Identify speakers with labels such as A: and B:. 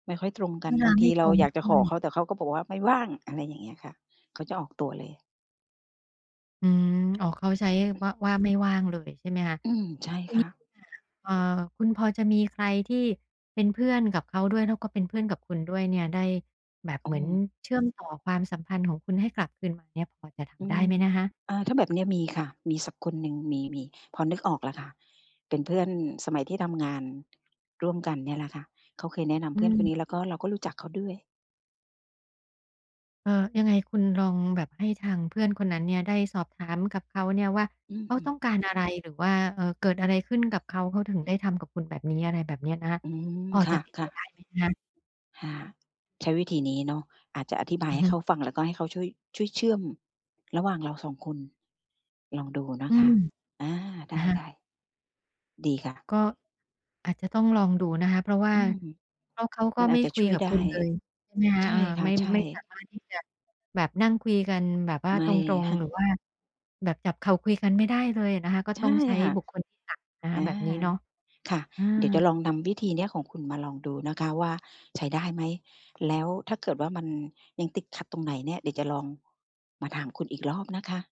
A: ไม่ค่อยตรงก
B: เ
A: ั
B: ว
A: น
B: ล
A: บ
B: า
A: าง
B: ไม
A: ที
B: ่ต
A: เรา
B: รง
A: อยาก
B: ด
A: จะ
B: ้
A: ข
B: ว
A: อ
B: ย
A: เขา แต่เขาก็บอกว่า ไม่ว่าง อะไรอย่างเงี้ยค่ะ เขาจะออกตัวเลย
B: อืม อ๋อ เขาใช้ว่า ว่าไม่ว่างเลยใช่ไหมคะ?
A: อืม ใช่
B: ที่
A: ค
B: น
A: ่
B: ี้
A: ะ
B: เอ่อ คุณพอจะมีใคร ที่เป็นเพื่อนกับเขาด้วย แล้วก็เป็นเพื่อนกับคุณด้วยเนี่ย ได้แบบ
A: โอ
B: เหมือน
A: ้
B: เชื่อมต่อความสัมพันธ์ของคุณให้กลับคืนมาเนี่ย พอจะท
A: อื
B: ำได้ไหม
A: ม
B: นะคะ?
A: อ่า ถ้าแบบเนี้ยมีค่ะ มีสักคนหนึ่ง มี มี พอนึกออกแล้วค่ะ เป็นเพื่อนสมัยที่ทำงาน ร่วมกันเนี่ยแหละค่ะ เขาเคยแนะนำ
B: อื
A: เพื่อนคนน
B: ม
A: ี้ แล้วก็เราก็รู้จักเขาด้วย
B: เอ่อ ยังไงคุณลองแบบให้ทางเพื่อนคนนั้นเนี่ย ได้สอบถามกับเขาเนี่ยว่า
A: อือ
B: เขา
A: อื
B: ต
A: ม
B: ้องการอะไร หรือว่า เอ่อ เกิดอะไรขึ้น กับเขา เขาถึงได้ทำกับคุณแบบนี้ อะไรแบบนี้นะคะ
A: อืม
B: พอ
A: ค
B: จะเป็นไป
A: ่ะ
B: ได
A: ๆ
B: ้ไหมคะ?
A: ค่ะ ใช้วิธีนี้เนาะ อาจจะอธิบา
B: อ
A: ย
B: ื
A: ใ
B: อ
A: ห
B: ฮ
A: ้
B: ึ
A: เขาฟัง แล้วก็ให้เขาช่วย ช่วยเชื่อมระหว่างเรา 2 คน ลองดูน
B: อ
A: ะ
B: ื
A: คะ
B: ม
A: อา ไ
B: อะฮะ
A: ด้ ๆ ดีค่ะ
B: ก็ อาจจะต้องลองดูนะคะ เพราะว่า
A: อืม
B: เพราะเขาก็
A: มันอ
B: ไ
A: า
B: ม่
A: จจะ
B: คุ
A: ช
B: ย
A: ่วย
B: กับ
A: ได้
B: คุณเลยใช่ไหมคะ
A: ใช่
B: เอ่อ
A: ค่
B: ไม
A: ะ
B: ่
A: ใช่
B: ไม่สามารถที่จะแบบนั่งคุยกันแบบว่า
A: ไม
B: ต
A: ่
B: รง ๆ หรือว่าแบบจับเข่าคุยกันไม่ได้เลยอะนะคะ ก็
A: ใช
B: ต้
A: ่
B: องใช้
A: ค่ะ
B: บุคคลที่ 3 นะ
A: เ
B: ค
A: อ
B: ะ
A: อ
B: แบบนี้เนาะ
A: ค่ะ
B: อ
A: เดี๋ยวจะ
B: า
A: ลองนำวิธีนี้ของคุณมาลองดูนะคะว่า ใช้ได้ไหม แล้วถ้าเกิดว่า มันยังติดขัดตรงไหนเนี่ย เดี๋ยวจะลองมาถามคุณอีกรอบนะคะ